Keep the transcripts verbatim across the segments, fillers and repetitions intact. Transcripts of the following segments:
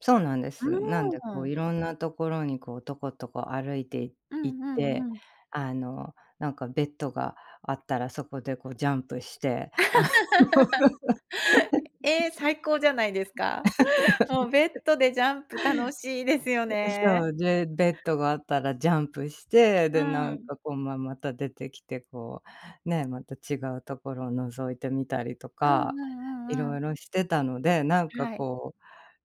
そうなんでうす。なんでこーう、ん。色んなところに、こう、とことこ歩いていう行っんうて、んうん。あの、なんかベッドがあったらそこでこう、ジャンプして、あの え、ええ、最高じゃないですか。もうベッ ドでジャンプ楽しいですよええ、ね。そう、で、ベッドがあったらジャンプして、うで、なんん。かこう、ま、また出てきてこう、ね、また違うところを覗いてみたりとうんうんか、ういんうろん。いろしてたので、なんかはい。こう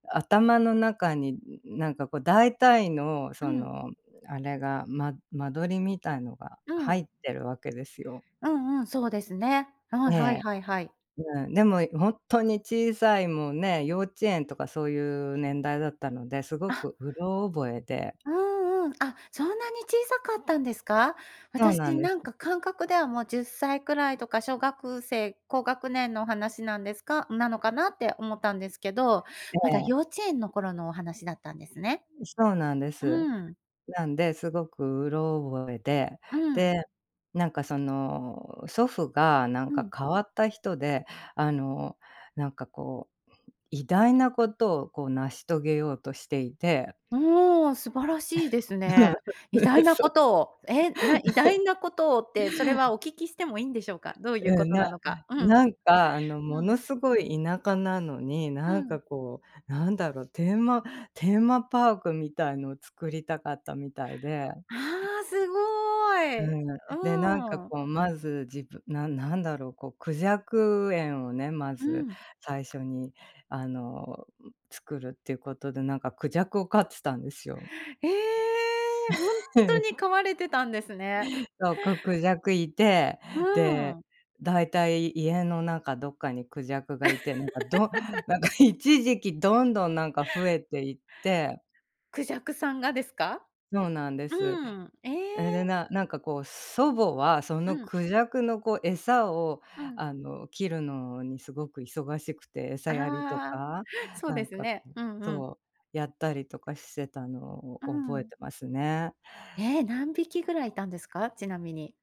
頭の中に、うん、なんうかん。こう、大体のうそん。の、あれが、ま間取りみたいのがう入ん。ってるわけですよ。うんうん、そうですね。うん、えはいえ。はいはい。うん。でも、いほんとに小さい、もうね、幼稚園とかそういう年代だったので、すごあ。くうろ覚えで。うんうん、あ、そんなに小さかったんですか？そうな私んでなんす。か感覚ではもうじゅっさいくらいとか、小学生、高学年のお話なんですかなのかなって思ったんですけど、えまだえ。幼稚園の頃のお話だったんですね。うん、そうなんです。うん。なんで、すごくうろ覚えで、うん。で、なんかその、祖父がなんはかい。変わった人で、あの、なんかこう、偉大なことをこう、成し遂げようとしていておお、素晴らしいです うん。ね。偉う大ん、なそこう。とを、え、な、偉 大なことをって、それはお聞きしてもいいんでしょうか？どういううこん、とななのか。うん。なんかあの、うもん。のすごい田舎なのに、うなんん。かこう、なんだろう、テーマテーマパークみたいのを作りたかったみたいで。ああ、すごうい。ん。で、なんかうん。こう、まずじぶなんなんだろう、こう孔雀園をね、まうずん。最初に、あの、うん、作るっていうことで、なんか孔雀を飼っつたんですよ。ええ、ほんとに 飼われてたんですね。そう、く孔雀いて、うで、ん。大体、家の中どっかに孔雀がいて、なんかど なんか、一時期どんどんなんか増えていって。孔雀さんがですか？そうなんでうす。ん。えええ、で、え。ななんかこう、祖母はそうのん。孔雀のこう餌を、うん。あの、切るのにすごく忙しくて、餌やりとああ、か、そうなでんすかね。うん、うんうん。そう。やったりとかしてたのうを覚えん。てますね。え、何匹ぐらいいたんですか？ちなみに。